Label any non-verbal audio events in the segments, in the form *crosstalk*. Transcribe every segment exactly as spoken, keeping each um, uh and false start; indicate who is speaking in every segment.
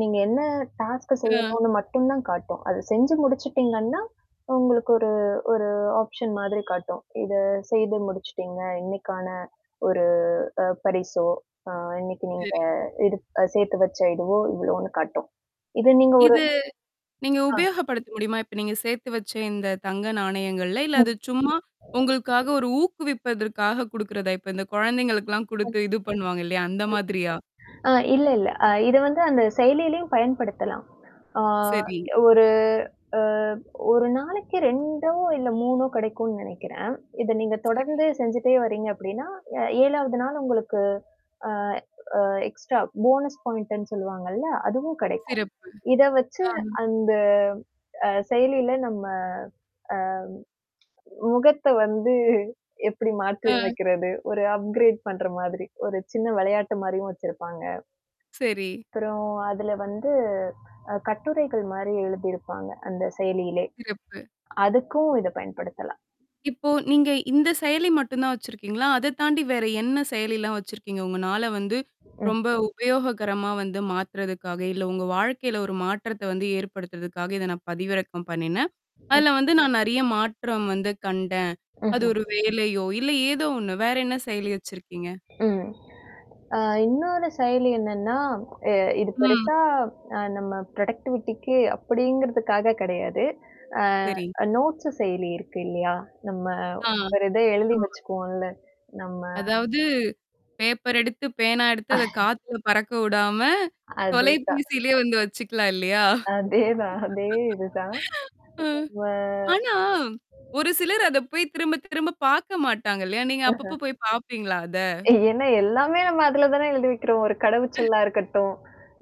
Speaker 1: நீங்க என்ன டாஸ்க்
Speaker 2: அ.
Speaker 1: செய்யணும்னு மட்டும் தான் காட்டும். அதை செஞ்சு முடிச்சுட்டீங்கன்னா. உங்களுக்கு ஒரு ஒரு ஆப்ஷன் மாதிரி காட்டும். இத செய்து முடிச்சுட்டீங்க. இன்னைக்கான, ஒரு அ பரிசோ, அ இன்னைக்கு நீங்க
Speaker 2: சரி.
Speaker 1: எடுத் அ சேர்த்து வச்ச இதுவோ இவ்ளோன்னு காட்டும். இது நீங்க ஒரு
Speaker 2: இது நீங்க
Speaker 1: ஆ.
Speaker 2: உபயோகப்படுத்த முடியுமா? இப்ப நீங்க சேர்த்து வச்ச இந்த தங்க நாணயங்கள்ல? இல்ல
Speaker 1: ம்.
Speaker 2: அது சும்மா உங்களுக்காக ஒரு ஊக்குவிப்பதற்காக குடுக்குறதா? இப்ப இந்த குழந்தைங்கக்கெல்லாம் குடுத்து இது பண்ணுவாங்க இல்லையா? அந்த மாதிரியா?
Speaker 1: *unintelligible* அ இல்ல இல்ல. அ இத வந்து அந்த செயலியிலயும் பயன்படுத்தலாம். ஆ
Speaker 2: சரி.
Speaker 1: ஒரு அ ஒரு நாளைக்கு ரெண்டோ, இல்ல மூணோ கிடைக்கும்னு நினைக்கிறேன். இத நீங்க
Speaker 2: சரி.
Speaker 1: தொடர்ந்து செஞ்சுட்டே வரீங்க அப்படின்னா, அ ஏழாவது நாள் உங்களுக்கு, அ அ எக்ஸ்ட்ரா போனஸ் பாயிண்ட்ன்னு சொல்லுவாங்கல்ல, அதுவும் கிடைக்கும்.
Speaker 2: சிறப்பு.
Speaker 1: இத வச்சு
Speaker 2: ஆமா.
Speaker 1: அந்த அ செயலியில நம்ம ஆ முகத்த வந்து எப்படி
Speaker 2: அ.
Speaker 1: மாற்றிமைக்கிறது? ஒரு அப்கிரேட் பண்ற மாதிரி, ஒரு சின்ன விளையாட்டு மாரியும் வச்சிருப்பாங்க.
Speaker 2: செரி.
Speaker 1: அப்புறம் அதுல வந்து அ கட்டுரைகள் மாரி எழுதியிருப்பாங்க அந்த செயலியிலே.
Speaker 2: சிறப்பு.
Speaker 1: அதுக்கும் இதை பயன்படுத்தலாம்.
Speaker 2: இப்போ நீங்க இந்த செயலி மட்டும் தான் வச்சிருக்கீங்களா? அத தாண்டி வேற என்ன செயலிலாம் வச்சிருக்கீங்க? உங்க நாள வந்து,
Speaker 1: ம்.
Speaker 2: ரொம்ப உபயோகரமா வந்து மாத்துறதுக்காக, இல்ல உங்க வாழ்க்கையில ஒரு மாற்றத்த வந்து ஏற்படுத்துறதுக்காக இத நான் பதிவிறக்கம் பண்ணினேன்.
Speaker 1: ம்.
Speaker 2: அதுல வந்து நான் நெறைய மாற்றம் வந்து கண்டேன். அது
Speaker 1: ம்ஹ்ம்.
Speaker 2: ஒரு வேலையோ, இல்ல ஏதோ ஒண்ணு? வேற என்ன செயலி வச்சிருக்கீங்க?
Speaker 1: ஆ. அ இன்னொரு செயலி என்னன்னா, எ இது
Speaker 2: ம்.
Speaker 1: பெருசா அ நம்ம புரொடக்டிவிட்டிக்கு அப்படிங்கிறதுக்காக கிடையாது.
Speaker 2: சரி.
Speaker 1: அ நோட்ஸ் செயலி இருக்கு இல்லையா? நம்ம
Speaker 2: ஆ.
Speaker 1: ஒரு இதை எழுதி
Speaker 2: ஆமா.
Speaker 1: வச்சுக்குவோம்ல. நம்ம.
Speaker 2: அதாவது, பேப்பர் எடுத்து, பேனா எடுத்து அதை
Speaker 1: ஆ.
Speaker 2: காத்துல பறக்க விடாம,
Speaker 1: அதே தான்.
Speaker 2: தொலைபேசியிலேயே வந்து வச்சுக்கலாம் இல்லையா?
Speaker 1: அதே தான். அதே இதுதான்.
Speaker 2: *laughs* ஆ. ஆனா,
Speaker 1: *unintelligible*
Speaker 2: ஒரு சிலர் அதை போய் திரும்ப, திரும்ப பார்க்க மாட்டாங்க இல்லையா? நீங்க
Speaker 1: ஆஹ.
Speaker 2: அப்பப்போ போய் பார்ப்பீங்களா அத?
Speaker 1: ஏன்னா, எல்லாமே நம்ம அதுல தானே எழுதி வைக்கிறோம். ஒரு
Speaker 2: ம்.
Speaker 1: கடவுச்சொல்லா இருக்கட்டும்.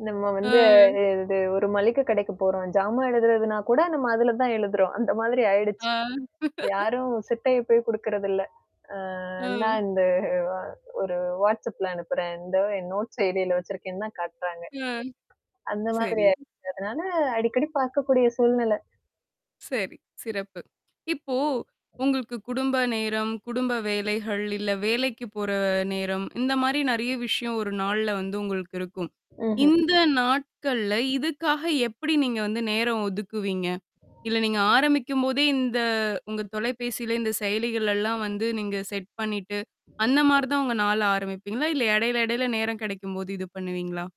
Speaker 1: நம்ம வந்து
Speaker 2: ஆ.
Speaker 1: இது ஒரு மளிகை கடைக்கு போறோம். ஜாமா எழுதுறதுனா கூட நம்ம அதுல தான் எழுதுறோம். அந்த மாதிரி ஆயிடுச்சு.
Speaker 2: ஆ. *laughs*
Speaker 1: யாரும் சிட்டைய போய் குடுக்கறதில்ல. அ நான்
Speaker 2: ம்.
Speaker 1: இந்த ஒரு வாட்ஸ்அப்ல அனுப்புறேன். இந்த என் நோட் செயலியில வச்சிருக்கேன்னு தான் காட்டுறாங்க.
Speaker 2: ம்.
Speaker 1: அந்த மாதிரி
Speaker 2: சரி.
Speaker 1: ஆயிடுச்சு. அதனால அடிக்கடி பார்க்கக்கூடிய சூழ்நிலை.
Speaker 2: செரி, சிறப்பு. இப்போ! உங்களுக்கு குடும்ப நேரம், குடும்ப வேலைகள், இல்ல வேலைக்கு போற நேரம், இந்த மாரி நெறைய விஷயம் ஒரு நாள்ல வந்து உங்களுக்கு இருக்கும்.
Speaker 1: ம்ஹ்ம்.
Speaker 2: இந்த நாட்கள்ல இதுக்காக எப்படி நீங்க வந்து நேரம் ஒதுக்குவீங்க? இல்ல, நீங்க ஆரம்பிக்கும்போதே இந்த உங்க தொலைபேசில இந்த செயலிகள் எல்லாம் வந்து நீங்க செட் பண்ணிட்டு, அந்த மாரி தான் உங்க நாள் ஆரம்பிப்பீங்களா? இல்ல இடையில, இடையில நேரம் கிடைக்கும்போது இது பண்ணுவீங்களா?